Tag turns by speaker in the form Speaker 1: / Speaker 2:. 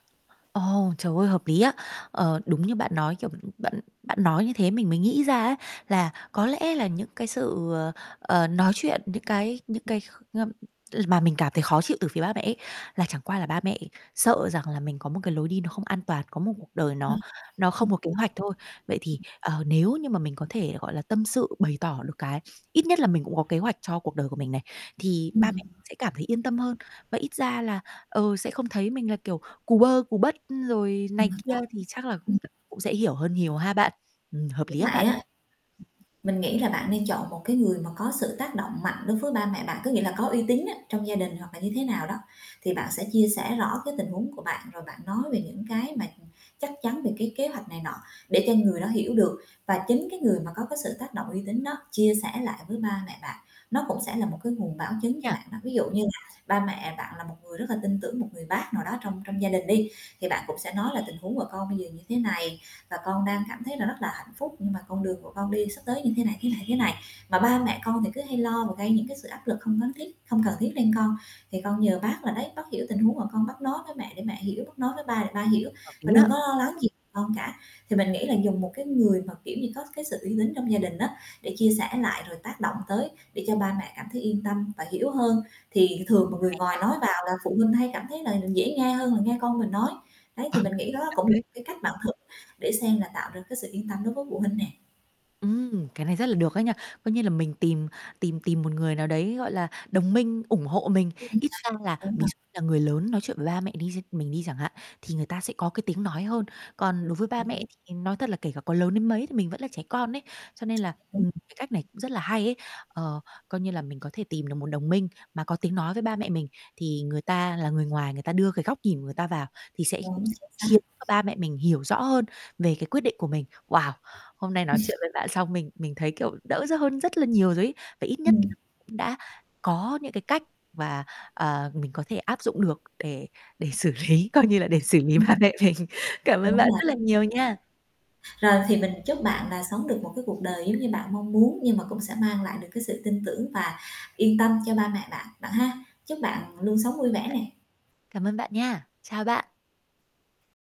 Speaker 1: Ồ, trời ơi hợp lý á. Ờ, đúng như bạn nói, kiểu, b bạn bạn nói như thế mình mới nghĩ ra á là có lẽ là những cái sự, ờ, ờ, nói chuyện, những cái những cái kh ơm, mà mình cảm thấy khó chịu từ phía ba mẹ ấy, là chẳng qua là ba mẹ sợ rằng là mình có một cái lối đi nó không an toàn, có một cuộc đời
Speaker 2: Ờ,
Speaker 1: nó nó không
Speaker 2: ừm.
Speaker 1: có kế hoạch thôi. Vậy thì, ờ, nếu như mà mình có thể, gọi là, tâm sự bày tỏ được cái ít nhất là mình cũng có kế hoạch cho cuộc đời của mình này, thì ba mẹ
Speaker 2: Ừm.
Speaker 1: sẽ cảm thấy yên tâm hơn và ít ra là, ờ, sẽ không thấy mình là, kiểu, cù bơ cù bất, rồi này
Speaker 2: Ừm,
Speaker 1: kia
Speaker 2: đó.
Speaker 1: thì
Speaker 2: Chính xác.
Speaker 1: chắc là
Speaker 2: Ừm.
Speaker 1: cũng sẽ hiểu hơn nhiều ha bạn. Ừm, hợp
Speaker 2: Lúc
Speaker 1: lý á
Speaker 2: nãy
Speaker 1: bạn.
Speaker 2: á, mình nghĩ là bạn nên chọn một cái người mà có sự tác động mạnh đối với ba mẹ bạn, có nghĩa là có uy tín á, trong gia đình hoặc là như thế nào đó. Thì bạn sẽ chia sẻ rõ cái tình huống của bạn, rồi bạn nói về những cái mà chắc chắn về cái kế hoạch này nọ để cho người đó hiểu được. Và chính cái người mà có cái sự tác động uy tín đó chia sẻ lại với ba mẹ bạn, nó cũng sẽ là một cái nguồn bảo chứng cho
Speaker 1: Nha.
Speaker 2: bạn đó. Ví dụ như là ba mẹ bạn là một người rất là tin tưởng một người bác nào đó trong trong gia đình đi, thì bạn cũng sẽ nói là tình huống của con bây giờ như thế này và con đang cảm thấy là rất là hạnh phúc, nhưng mà con đường của con đi sắp tới như thế này, thế này, thế này, mà ba mẹ con thì cứ hay lo và gây những cái sự áp lực không cấn thiết không cần thiết lên con, thì con nhờ bác là đấy bác hiểu tình huống mà con bác nói với mẹ để mẹ hiểu, bác nói với ba để ba hiểu
Speaker 1: Ừ, hợp lý
Speaker 2: và đừng
Speaker 1: á.
Speaker 2: có lo lắng gì con cả. Thì mình nghĩ là dùng một cái người mà, kiểu như, có cái sự uy tín trong gia đình á để chia sẻ lại, rồi tác động tới để cho ba mẹ cảm thấy yên tâm và hiểu hơn, thì thường mà
Speaker 1: Ừm.
Speaker 2: người
Speaker 1: Hay
Speaker 2: ngoài
Speaker 1: nha.
Speaker 2: nói vào là phụ huynh hay cảm thấy là dễ nghe hơn là nghe con mình nói. Đấy,
Speaker 1: Ờ.
Speaker 2: thì mình nghĩ đó
Speaker 1: Thật
Speaker 2: cũng là
Speaker 1: đấy.
Speaker 2: một cái cách bạn thử để xem là tạo được cái sự yên tâm đối với phụ huynh nè.
Speaker 1: Ừm, cái này rất là được ấy nhỉ. Coi như là mình tìm tìm tìm một người nào đấy, gọi là, đồng minh, ủng hộ mình.
Speaker 2: Ừm, đấy.
Speaker 1: Ít ra là
Speaker 2: Đúng
Speaker 1: ví
Speaker 2: rồi.
Speaker 1: dụ là người lớn nói chuyện với ba mẹ đi xem mình đi chẳng hạn, thì người ta sẽ có cái tiếng nói hơn. Còn đối với ba mẹ thì nói thật là kể cả có lớn đến mấy thì mình vẫn là trẻ con ấy. Cho nên là,
Speaker 2: Đúng.
Speaker 1: ừm, cái cách này cũng rất là hay ấy, ờ, coi như là mình có thể tìm được một đồng minh mà có tiếng nói với ba mẹ mình. Thì người ta là người ngoài, người ta đưa cái góc nhìn người ta vào thì sẽ
Speaker 2: Đúng. Chính
Speaker 1: khiến
Speaker 2: xác.
Speaker 1: cho ba mẹ mình hiểu rõ hơn về cái quyết định của mình. Wow, hôm nay nói chuyện với bạn xong mình mình thấy, kiểu, đỡ dở hơn rất là nhiều rồi ấy, và ít nhất
Speaker 2: Ừm.
Speaker 1: cũng đã có những cái cách và, ờ, mình có thể áp dụng được để để xử lý, coi như là để xử lý
Speaker 2: Ừm.
Speaker 1: ba mẹ mình. Cảm ơn
Speaker 2: Đúng
Speaker 1: bạn
Speaker 2: rồi.
Speaker 1: rất là nhiều nha.
Speaker 2: Rồi, thì mình chúc bạn là sống được một cái cuộc đời giống như bạn mong muốn nhưng mà cũng sẽ mang lại được cái sự tin tưởng và yên tâm cho ba mẹ bạn, bạn ha. Chúc bạn luôn sống vui vẻ nè.
Speaker 1: Cảm ơn bạn nha. Chào bạn.